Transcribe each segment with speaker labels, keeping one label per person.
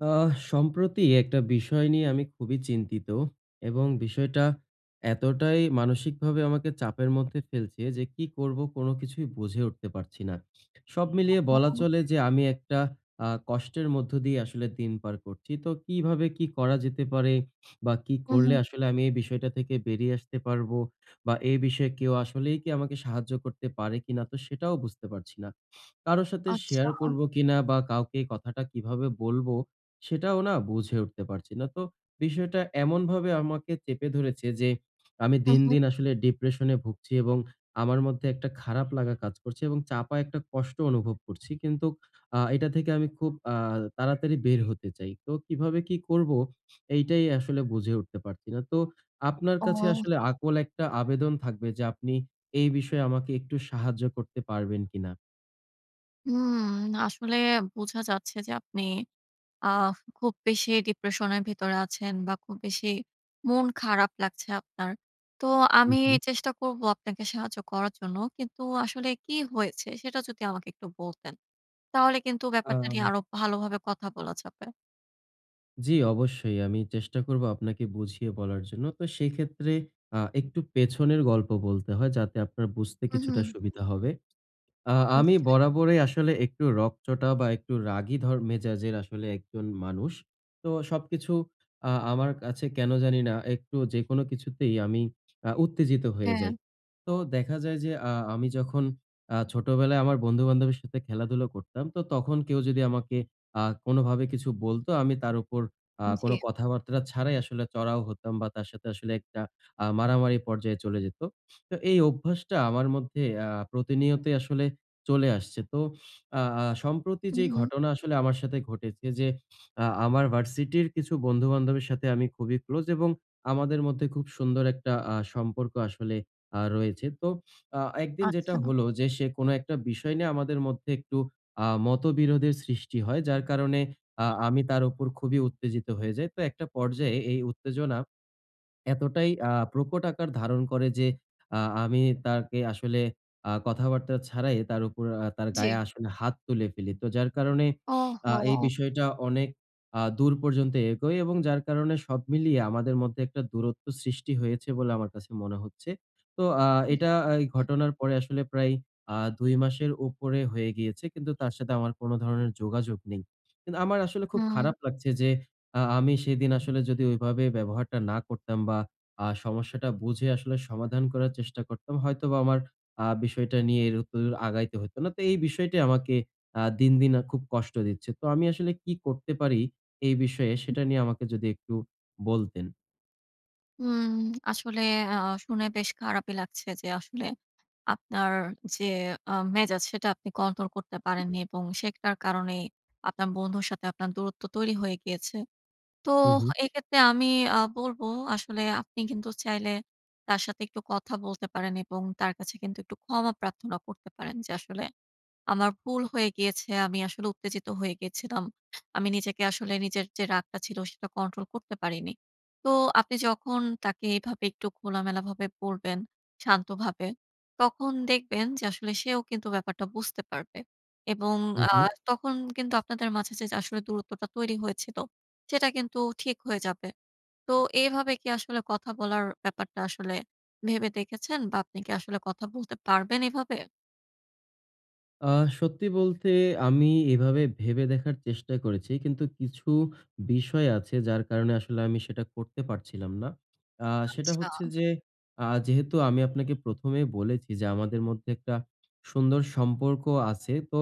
Speaker 1: আহ! সম্প্রতি একটা বিষয় নিয়ে আমি খুবই চিন্তিত এবং বিষয়টা এতটাই মানসিকভাবে আমাকে চাপের মধ্যে ফেলছে যে, "কি করব? কোন কিছুই বুঝে উঠতে পারছি না!" সব মিলিয়ে বলা
Speaker 2: উ-হুম।
Speaker 1: চলে যে আমি একটা আ কষ্টের মধ্য দিয়ে আসলে দিন পার করছি। তো কিভাবে কি করা যেতে পারে বা কি
Speaker 2: হু,
Speaker 1: করলে
Speaker 2: হুম।
Speaker 1: আসলে আমি এই বিষয়টা থেকে বেরিয়ে আসতে পারবো? বা এই বিষয়ে কেউ আসলেই কি আমাকে সাহায্য করতে পারে কিনা তো সেটাও বুঝতে পারছি না। কারো সাথে
Speaker 2: আচ্ছা।
Speaker 1: শেয়ার করবো কিনা? বা কাউকে কথাটা কিভাবে বলব সেটাও না বুঝে উঠতে পারছি না। তো বিষয়টা এমনভাবে আমাকে চেপে ধরেছে যে আমি
Speaker 2: হু,
Speaker 1: দিন,
Speaker 2: হুম।
Speaker 1: দিন, আসলে ডিপ্রেশন এ ভুগছি এবং আমার মধ্যে একটা খারাপ লাগা কাজ করছে এবং চাপা একটা কষ্ট অনুভব করছি। কিন্তু আ এটা থেকে আমি খুব আ তাড়াতাড়ি বের হতে চাই। তো কিভাবে কি করবো? এইটাই আসলে বুঝে উঠতে পারছি না। তো আপনার কাছে
Speaker 2: ও!
Speaker 1: আসলে আকুল একটা আবেদন থাকবে যে আপনি এই বিষয়ে আমাকে একটু সাহায্য করতে পারবেন কিনা?
Speaker 2: হুম না! আসলে বোঝা যাচ্ছে যে আপনি আ খুব বেশি ডিপ্রেশন এর ভেতরে আছেন বা খুব বেশি মন খারাপ লাগছে আপনার। তো
Speaker 1: হুম,
Speaker 2: আমি
Speaker 1: হুম।
Speaker 2: চেষ্টা করব আপনাকে সাহায্য করার জন্য। কিন্তু আসলে কি হয়েছে সেটা যদি আমাকে একটু বলতেন, তাহলে কিন্তু ব্যাপারটা নিয়ে
Speaker 1: আ
Speaker 2: আরো ভালোভাবে কথা বলা যাবে।
Speaker 1: জি, অবশ্যই। আমি চেষ্টা করবো আপনাকে বুঝিয়ে বলার জন্য। তো সেইক্ষেত্রে আ একটু পেছনের গল্প বলতে হয় যাতে আপনার বুঝতে
Speaker 2: হুম,
Speaker 1: কিছুটা
Speaker 2: হুম।
Speaker 1: সুবিধা হবে। আ আমি
Speaker 2: নিশ্চয়ই।
Speaker 1: বরাবরই আসলে একটু রকচটা বা একটু রাগী ধর মেজাজের আসলে একজন মানুষ। তো সবকিছু আ আমার কাছে কেনো জানি না, একটু যেকোনো কিছুতেই আমি আ উত্তেজিত হয়ে যাই।
Speaker 2: হ্যাঁ।
Speaker 1: তো দেখা যায় যে, আ আমি যখন আ ছোটবেলায় আমার বন্ধু-বান্ধবের সাথে খেলাধুলা করতাম। তো তখন কেউ যদি আমাকে আ কোনভাবে কিছু বলতো আমি তার উপর আ কোন
Speaker 2: জী।
Speaker 1: কথাবার্তা ছাড়াই আসলে চড়াও হতাম বা তার সাথে আসলে একটা আ মারামারি পর্যায়ে চলে যেতো। তো এই অভ্যাসটা আমার মধ্যে আ প্রতিনিয়তই আসলে চলে আসছে। তো আ আ সম্প্রতি যে,
Speaker 2: হুম, হুম।
Speaker 1: ঘটনা আসলে আমার সাথে ঘটেছে যে, আ আমার ভার্সিটির কিছু বন্ধু-বান্ধবের সাথে আমি খুবই ক্লোজ এবং আমাদের মধ্যে খুব সুন্দর একটা আ সম্পর্ক আসলে আ রয়েছে। তো আ একদিন যেটা
Speaker 2: আচ্ছা।
Speaker 1: হলো যে, সে কোনো একটা বিষয় নিয়ে আমাদের মধ্যে একটু আ মতবিরোধের সৃষ্টি হয়। যার কারণে আ আমি তার উপর খুবই উত্তেজিত হয়ে যাই। তো একটা পর্যায়ে এই উত্তেজনা এতটাই আ প্রকট আকার ধারণ করে যে, আ আমি তাকে আসলে আ কথাবার্তা ছাড়াই তার উপর আ তার
Speaker 2: জ্বী।
Speaker 1: গায়ে আসলে হাত তুলে ফেলি। তো যার কারণে আ এই
Speaker 2: ওহহো!
Speaker 1: বিষয়টা অনেক আ দূর পর্যন্ত এগোই এবং যার কারণে সব মিলিয়ে আমাদের মধ্যে একটা দূরত্ব সৃষ্টি হয়েছে বলে আমার কাছে মনে হচ্ছে। তো আ
Speaker 2: হুম,
Speaker 1: এটা, এই
Speaker 2: হ্যাঁ।
Speaker 1: ঘটনার পরে আসলে প্রায় আ ২ মাসের উপরে হয়ে গেল। কিন্তু তার সাথে আমার কোনো ধরনের যোগাযোগ নেই। কিন্তু আমার আসলে খুব
Speaker 2: হ্যাঁ।
Speaker 1: খারাপ লাগছে যে, আ আমি সেদিন আসলে যদি ঐভাবে ব্যবহারটা না করতাম বা আ সমস্যাটা বুঝে আসলে সমাধান করার চেষ্টা করতাম হয়তোবা আমার আ বিষয়টা নিয়ে এর উত্ত আগাইতে হইত না। তো, এই বিষয়টি আমাকে আ দিন, দিন আ খুব কষ্ট দিচ্ছে। তো আমি আসলে কি করতে পারি এই বিষয়ে
Speaker 2: হুম।
Speaker 1: সেটা নিয়ে আমাকে যদি একটু বলতেন।
Speaker 2: উম আসলে আ আ শুনে বেশ খারাপই লাগছে যে, আসলে আপনার যে আ মেজাজ সেটা আপনি কন্ট্রোল করতে পারেননি এবং সেটার কারণেই আপনার বন্ধুর সাথে আপনার দূরত্ব তৈরি হয়ে গিয়েছে। তো
Speaker 1: উহু।
Speaker 2: এক্ষেত্রে আমি আ বলব, আসলে আপনি কিন্তু চাইলে তার সাথে একটু কথা বলতে পারেন এবং তার কাছে কিন্তু, একটু ক্ষমা প্রার্থনা করতে পারেন যে, "আসলে আমার ভুল হয়ে গিয়েছে। আমি আসলে উত্তেজিত হয়ে গিয়েছিলাম। আমি নিজেকে আসলে, নিজের যে রাগটা ছিল, সেটা কন্ট্রোল করতে পারিনি।" তো আপনি যখন তাকে এভাবে একটু খোলামেলাভাবে বলবেন, শান্তভাবে, তখন দেখবেন যে আসলে সেও কিন্তু ব্যাপারটা বুঝতে পারবে। এবং আ
Speaker 1: উহু।
Speaker 2: তখন কিন্তু আপনাদের মাঝে যে, আসলে দূরত্বটা তৈরি হয়েছিল সেটা কিন্তু, ঠিক হয়ে যাবে। তো এভাবে কি আসলে কথা বলার ব্যাপারটা আসলে ভেবে দেখেছেন বা আপনি কি আসলে কথা বলতে পারবেন এভাবে?
Speaker 1: আহ সত্যি বলতে, আমি এভাবে ভেবে দেখার চেষ্টা করেছি, কিন্তু, কিছু বিষয় আছে, যার কারণে আসলে আমি সেটা করতে পারছিলাম না। আহ সেটা
Speaker 2: আচ্ছা।
Speaker 1: হচ্ছে যে, আহ যেহেতু আমি আপনাকে ১ম এ বলেছি যে, আমাদের মধ্যে একটা সুন্দর সম্পর্ক আছে। তো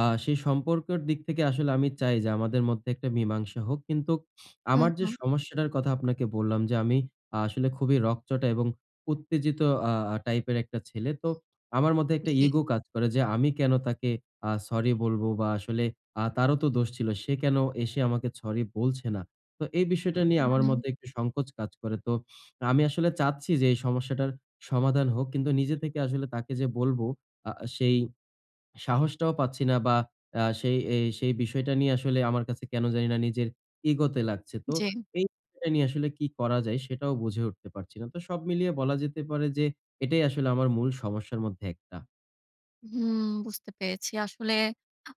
Speaker 1: আহ সেই সম্পর্কের দিক থেকে আসলে আমি চাই যে, আমাদের মধ্যে একটা মীমাংসা হোক। কিন্তু
Speaker 2: হুম,
Speaker 1: আমার যে
Speaker 2: হু।
Speaker 1: সমস্যাটার কথা আপনাকে বললাম যে, আমি আ আসলে খুবই রগচটা এবং উত্তেজিত আ আ টাইপের একটা ছেলে। তো আমার মধ্যে একটা
Speaker 2: জি।
Speaker 1: ইগো কাজ করে যে, "আমি কেন তাকে আ সরি বলবো? বা আসলে আ তারও তো দোষ ছিল। সে কেন এসে আমাকে সরি বলছে না?" তো এই বিষয়টা নিয়ে
Speaker 2: হুম,
Speaker 1: আমার
Speaker 2: হুম।
Speaker 1: মধ্যে একটু সংকোচ কাজ করে। তো আমি আসলে চাচ্ছি যে, এই সমস্যাটার সমাধান হোক। কিন্তু, নিজে থেকে আসলে তাকে যে বলব আ সেই সাহসটাও পাচ্ছি না বা আ সেই এই সেই বিষয়টা নিয়ে আসলে আমার কাছে কেন জানিনা নিজের, ইগো তে লাগছে। তো
Speaker 2: জি।
Speaker 1: এই বিষয়টা নিয়ে আসলে কি করা যায়? সেটাও বুঝে উঠতে পারছি না। তো সব মিলিয়ে বলা যেতে পারে যে, এটাই আসলে আমার মূল সমস্যার মধ্যে একটা।
Speaker 2: হুম, বুঝতে পেরেছি। আসলে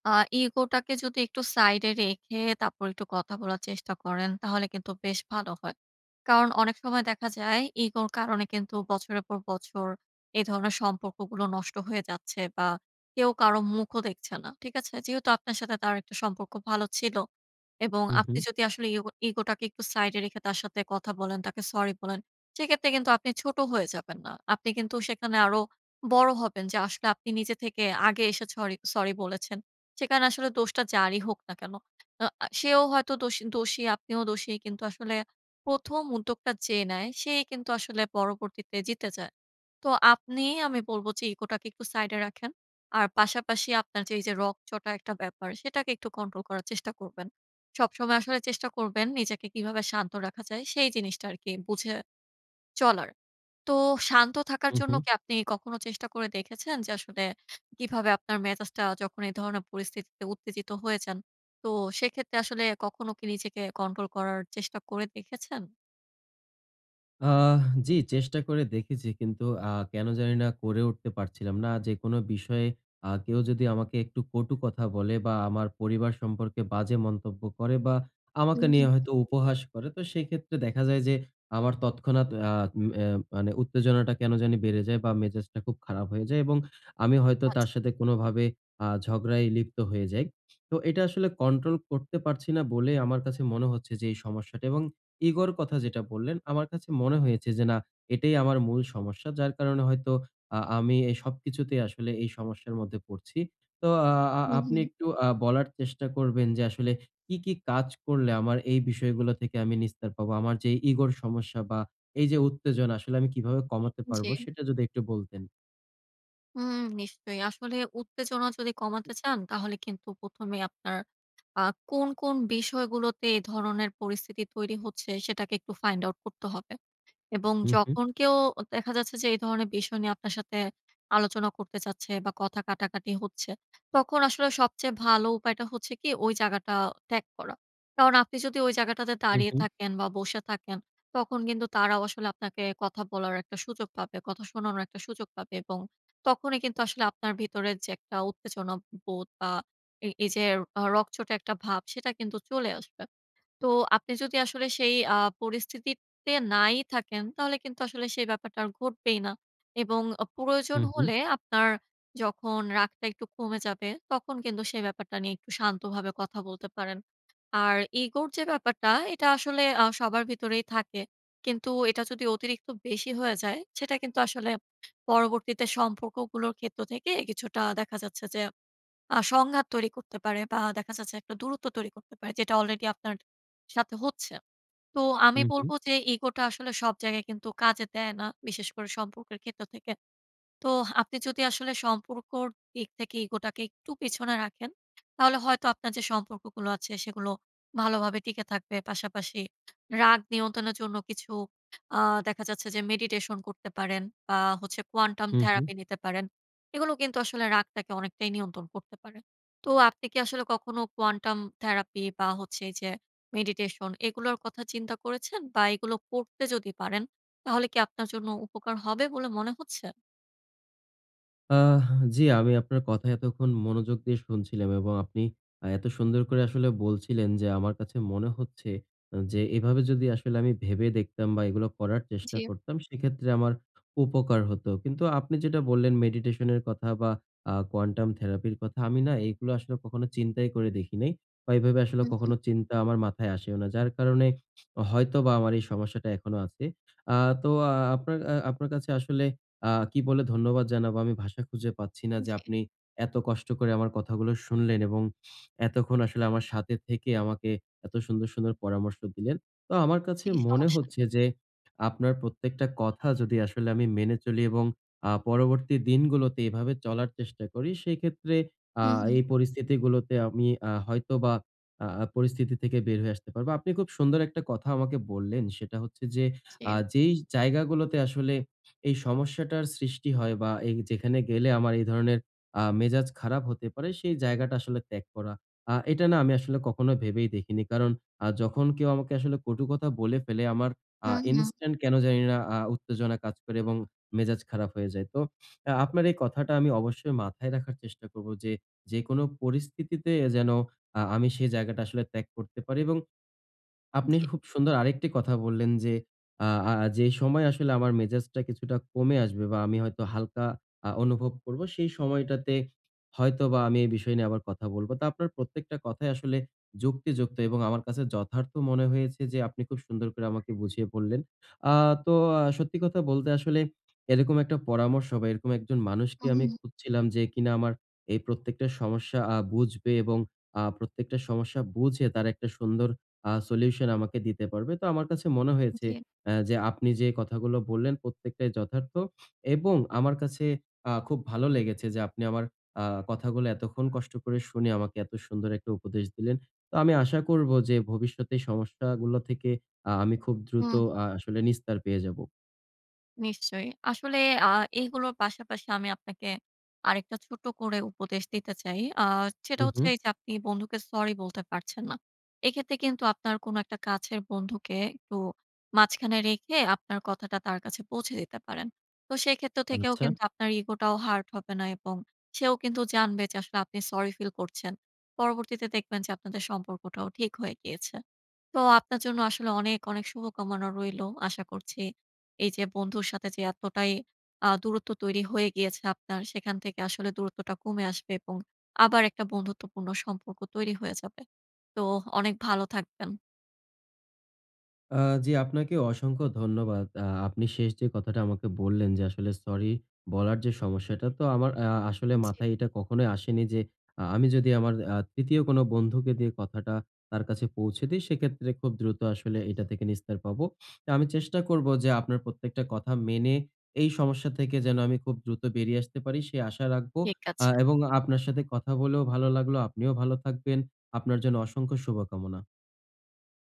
Speaker 2: আ ইগোটাকে যদি একটু সাইডে রেখে তারপর একটু কথা বলার চেষ্টা করেন, তাহলে কিন্তু বেশ ভালো হয়। কারণ অনেক সময় দেখা যায় ইগোর কারণে কিন্তু বছরের পর বছর এ ধরনের সম্পর্কগুলো নষ্ট হয়ে যাচ্ছে বা কেউ কারো মুখও দেখছে না। ঠিক আছে? যেহেতু আপনার সাথে তার একটা সম্পর্ক ভালো ছিল এবং
Speaker 1: হু,
Speaker 2: আপনি
Speaker 1: হু।
Speaker 2: যদি আসলে ইগো ইগোটাকে একটু সাইডে রেখে তার সাথে কথা বলেন, তাকে সরি বলেন, সেই ক্ষেত্রে কিন্তু আপনি ছোট হয়ে যাবেন না। আপনি কিন্তু সেখানে আরো বড় হবেন, যে আসলে আপনি নিজে থেকে আগে এসে সরি- সরি বলেছেন। সেখানে আসলে দোষটা যারই হোক না কেন। আ অ্যা সেও হয়তো দোষী, দোষী। আপনিও দোষী। কিন্তু আসলে ১ম উদ্যোগটা যে নেয়, সেই কিন্তু আসলে পরবর্তীতে জিতে যায়। তো আপনি, আমি বলব যে, ইগোটাকে একটু সাইডে রাখেন। আর পাশাপাশি আপনার যে এই যে রগচটা একটা ব্যাপার, সেটাকে একটু কন্ট্রোল করার চেষ্টা করবেন। সবসময় আসলে চেষ্টা করবেন নিজেকে কীভাবে শান্ত রাখা যায়, সেই জিনিসটা আরকি বুঝে চলার। তো শান্ত থাকার
Speaker 1: হু,
Speaker 2: জন্য
Speaker 1: হু।
Speaker 2: কি আপনি কখনো চেষ্টা করে দেখেছেন? যে আসলে কিভাবে আপনার মেজাজটা যখন এ ধরনের পরিস্থিতিতে উত্তেজিত হয়ে যান, তো সেক্ষেত্রে আসলে কখনো কি নিজেকে কন্ট্রোল করার চেষ্টা করে দেখেছেন?
Speaker 1: আহ! জি চেষ্টা করে দেখেছি। কিন্তু আ কেন জানি না করে উঠতে পারছিলাম না। যেকোন বিষয়ে আ কেউ যদি আমাকে একটু কটু কথা বলে বা আমার পরিবার সম্পর্কে বাজে মন্তব্য করে বা
Speaker 2: হু,
Speaker 1: আমাকে
Speaker 2: হুম।
Speaker 1: নিয়ে হয়তো উপহাস করে। তো সেক্ষেত্রে দেখা যায় যে, আমার তৎক্ষণাৎ আ উ এ্যা মানে উত্তেজনাটা কেন জানি বেড়ে যায় বা মেজাজটা খুব খারাপ হয়ে যায়। এবং আমি হয়তো
Speaker 2: আচ্ছা।
Speaker 1: তার সাথে কোনোভাবে আ ঝগড়ায় লিপ্ত হয়ে যাই। তো এটা আসলে কন্ট্রোল করতে পারছি না বলেই আমার কাছে মনে হচ্ছে যে এই সমস্যাটা। এবং ইগোর কথা যেটা বললেন, আমার কাছে মনে হয়েছে যে না এটাই আমার মূল সমস্যা। যার কারণে হয়তো আ আমি এ সবকিছুতেই আসলে এই সমস্যার মধ্যে পড়ছি। তো আ
Speaker 2: হু,
Speaker 1: আপনি
Speaker 2: হুম।
Speaker 1: একটু আ বলার চেষ্টা করবেন যে আসলে কি, কি, কাজ করলে আমার এই বিষয়গুলো থেকে আমি নিস্তার পাবো। আমার যে ইগোর সমস্যা বা এই যে উত্তেজনা আসলে আমি কিভাবে কমাতে পারবো
Speaker 2: জি।
Speaker 1: সেটা যদি একটু বলতেন।
Speaker 2: হুম নিশ্চয়ই। আসলে উত্তেজনা যদি কমাতে চান তাহলে কিন্তু ১ম এ আপনার আ কোন, কোন, বিষয়গুলোতে এ ধরনের পরিস্থিতি তৈরি হচ্ছে সেটাকে একটু Find Out করতে হবে। এবং
Speaker 1: হু, হুম।
Speaker 2: যখন কেউ দেখা যাচ্ছে যে এই ধরনের বিষয় নিয়ে আপনার সাথে আলোচনা করতে চাচ্ছে বা কথা কাটাকাটি হচ্ছে, তখন আসলে সবচেয়ে ভালো উপায়টা হচ্ছে কি ওই জায়গাটা ত্যাগ করা। কারণ আপনি যদি ওই জায়গাটাতে
Speaker 1: হু,
Speaker 2: দাঁড়িয়ে
Speaker 1: হুম।
Speaker 2: থাকেন বা বসে থাকেন তখন কিন্তু তারাও আসলে আপনাকে কথা বলার একটা সুযোগ পাবে। কথা শোনানোর একটা সুযোগ পাবে। এবং তখনই কিন্তু আসলে আপনার ভিতরে যে একটা উত্তেজনা বোধ বা এই, এই, যে অ রগচটা একটা ভাব সেটা কিন্তু চলে আসবে। তো আপনি যদি আসলে সেই আ পরিস্থিতিতে নাই থাকেন তাহলে কিন্তু সেই ব্যাপারটা আর ঘটবেই না। এবং অ প্রয়োজন
Speaker 1: হু, হুম।
Speaker 2: হলে আপনার যখন রাগটা একটু কমে যাবে তখন কিন্তু সেই ব্যাপারটা নিয়ে একটু শান্তভাবে কথা বলতে পারেন। আর ইগোর যে ব্যাপারটা এটা আসলে আ সবার ভিতরেই থাকে। কিন্তু এটা যদি অতিরিক্ত বেশি হয়ে যায় সেটা কিন্তু আসলে পরবর্তীতে সম্পর্কগুলোর ক্ষেত্র থেকে কিছুটা দেখা যাচ্ছে যে আ সংঘাত তৈরি করতে পারে বা দেখা যাচ্ছে একটা দূরত্ব তৈরি করতে পারে। যেটা অলরেডি আপনার সাথে হচ্ছে। তো
Speaker 1: হু,
Speaker 2: আমি
Speaker 1: হুম।
Speaker 2: বলব যে ইগোটা আসলে সব জায়গায় কিন্তু কাজে দেয় না। বিশেষ করে সম্পর্কের ক্ষেত্র থেকে। তো আপনি যদি আসলে সম্পর্কর দিক থেকে ইগো টাকে একটু পেছনে রাখেন তাহলে হয়তো আপনার যে সম্পর্কগুলো আছে সেগুলো ভালোভাবে টিকে থাকবে। পাশাপাশি রাগ নিয়ন্ত্রণের জন্য কিছু আ দেখা যাচ্ছে যে মেডিটেশন করতে পারেন বা হচ্ছে Quantum
Speaker 1: হু, হুম।
Speaker 2: Therapy নিতে পারেন। এগুলো কিন্তু আসলে রাগটাকে অনেকটাই নিয়ন্ত্রণ করতে পারে। তো আপনি কি আসলে কখনো Quantum Therapy বা হচ্ছে এই যে Meditation এগুলোর কথা চিন্তা করেছেন? বা এগুলো করতে যদি পারেন তাহলে কি আপনার জন্য উপকার হবে বলে মনে হচ্ছে?
Speaker 1: আ জি আমি আপনার কথা এতক্ষণ মনোযোগ দিয়ে শুনছিলাম এবং আপনি অ্যা এত সুন্দর করে আসলে বলছিলেন যে, আমার কাছে মনে হচ্ছে অ্যা যে, এভাবে যদি আসলে আমি ভােবে দেখতাম বা এগুলো করার চেষ্টা
Speaker 2: জি।
Speaker 1: করতাম, সেক্ষেত্রে আমর উপকার হতো। কিন্তু আপনি যেটা বল্লেন, meditation এর কথা বা আ quantum therapy র কথা। আমি না এইগুলো আসলে কখনো চিন্তাই করে দেখিনি বা এভাবে আসলে
Speaker 2: হুম, হুম।
Speaker 1: কখনো চিন্তা আমার মাথায় আসেও না। যার কারণে অ হয়তোবা আমার এই সমস্যাটা এখনো আছে। আ তো আ আপনার অ্যা আপনার কাছে আসলে আ কি বলে ধন্যবাদ জানাবো? আমি ভাষা খুঁজে পাচ্ছি না যে,
Speaker 2: জি।
Speaker 1: আপনি এত কষ্ট করে আমার কথাগুলো শুনলেন এবং এতক্ষণ আসলে আমার সাথে থেকে আমাকে এত সুন্দর, সুন্দর পরামর্শ দিলেন। তো আমার কাছে
Speaker 2: জি
Speaker 1: মনে
Speaker 2: সমস্যা
Speaker 1: হচ্ছে
Speaker 2: নেই।
Speaker 1: যে, আপনার প্রত্যেকটা কথা যদি আসলে আমি মেনে চলি এবং আ পরবর্তী দিনগুলোতে এভাবে চলার চেষ্টা করি, সেইক্ষেত্রে আ
Speaker 2: হু,
Speaker 1: এই
Speaker 2: হু।
Speaker 1: পরিস্থিতিগুলোতে আমি আ হয়তোবা আ পরিস্থিতি থেকে বের হয়ে আসতে পারবো। আপনি খুব সুন্দর একটা কথা আমাকে বললেন। সেটা হচ্ছে যে, "আ
Speaker 2: জি।
Speaker 1: যেই জায়গাগুলোতে আসলে এই সমস্যাটার সৃষ্টি হয় বা, এই যেখানে গেলে আমার এই ধরনের আ মেজাজ খারাপ হতে পারে, সেই জায়গাটা আসলে ত্যাগ করা।" আ এটা না আমি আসলে কখনো ভেবেই দেখিনি। কারণ, আ যখন কেউ আমাকে আসলে কটু কথা বলে ফেলে, আমার আ
Speaker 2: হু, হু।
Speaker 1: instant কেন জানিনা আ উত্তেজনা কাজ করে এবং মেজাজ খারাপ হয়ে যায়। তো আ আপনার এই কথাটা আমি অবশ্যই মাথায় রাখার চেষ্টা করবো। যে যেকোনো পরিস্থিতিতে এ যেন আ আমি সেই জায়গাটা আসলে ত্যাগ করতে পারি এবং আপনি
Speaker 2: জি।
Speaker 1: খুব সুন্দর আরেকটি কথা বললেন যে, "আ আ যে সময় আসলে আমার মেজাজটা কিছুটা কমে আসবে বা, আমি হয়তো হালকা আ অনুভব করবো, সেই সময়টাতে হয়তোবা আমি এই বিষয় নিয়ে আবার কথা বলবো।" তা আপনার প্রত্যেকটা কথাই আসলে যুক্তিযুক্ত এবং আমার কাছে যথার্থ মনে হয়েছে যে, আপনি খুব সুন্দর করে আমাকে বুঝিয়ে বললেন। আ তো আ সত্যি কথা বলতে আসলে এরকম একটা পরামর্শ বা, এরকম একজন মানুষকে
Speaker 2: হু,
Speaker 1: আমি
Speaker 2: হু।
Speaker 1: খুঁজছিলাম। যে কিনা আমার এই প্রত্যেকটা সমস্যা আ বুঝবে এবং আ প্রত্যেকটা সমস্যা বুঝে তার একটা সুন্দর আ সলিউশন আমাকে দিতে পারবে। তো আমার কাছে মনে হয়েছে
Speaker 2: জি।
Speaker 1: এ যে আপনি যে কথাগুলো বললেন, প্রত্যেকটাই যথার্থ এবং আমার কাছে আ খুব ভালো লেগেছে যে, আপনি আমার আ কথাগুলো এতক্ষণ কষ্ট করে শুনে আমাকে এত সুন্দর একটা উপদেশ দিলেন। তো আমি আশা করবো যে, ভবিষ্যতে সমস্যাগুলো থেকে আ আমি খুব দ্রুত
Speaker 2: হুম।
Speaker 1: আ আসলে নিস্তার পেয়ে যাবো।
Speaker 2: নিশ্চয়ই। আসলে আ এগুলো পাশাপাশি আমি আপনাকে আরেকটা ছোট করে উপদেশ দিতে চাই। আ
Speaker 1: হু,
Speaker 2: সেটা হচ্ছে
Speaker 1: হুম।
Speaker 2: এইযে আপনি বন্ধুকে সরি বলতে পারছেন না। এক্ষেত্রে কিন্তু আপনার কোন একটা কাছের বন্ধুকে একটু মাঝখানে রেখে আপনার কথাটা তার কাছে পৌঁছে দিতে পারেন। তো সেক্ষেত্র থেকেও
Speaker 1: আচ্ছা।
Speaker 2: কিন্তু আপনার ইগোটাও হার্ট হবে না এবং সেও কিন্তু জানবে। আসলে আপনি সরি ফিল করছেন। পরবর্তীতে দেখবেন যে, আপনাদের সম্পর্কটাও ঠিক হয়ে গিয়েছে। তো আপনার জন্য আসলে অনেক, অনেক শুভকামনা রইলো। আশা করছি এইযে বন্ধুর সাথে যে, এতটাই আ দূরত্ব তৈরি হয়ে গিয়েছে আপনার সেখান থেকে আসলে দূরত্বটা কমে আসবে এবং আবার একটা বন্ধুত্বপূর্ণ সম্পর্ক তৈরি হয়ে যাবে। তো অনেক ভালো থাকবেন।
Speaker 1: আ জি, আপনাকে অসংখ্য ধন্যবাদ। আ আপনি শেষ যে, কথাটা আমাকে বললেন যে, আসলে সরি বলার যে, সমস্যাটা তো আমার আ আসলে
Speaker 2: জি।
Speaker 1: মাথায় এটা কখনোই আসেনি। যে, আ আমি যদি আমার আ তৃতীয় কোন বন্ধুকে দিয়ে কথাটা তার কাছে পৌঁছে দেই। সেক্ষেত্রে খুব দ্রুত আসলে এটা থেকে নিস্তার পাবো। আমি চেষ্টা করবো যে, আপনার প্রত্যেকটা কথা মেনে এই সমস্যা থেকে যেনো আমি খুব দ্রুত বেরিয়ে আসতে পারি সে আশা রাখবো।
Speaker 2: ঠিক
Speaker 1: আ
Speaker 2: আছে।
Speaker 1: এবং আপনার সাথে কথা বলেও ভালো লাগলো। আপনিও ভালো থাকবেন। আপনার জন্য অসংখ্য শুভকামনা।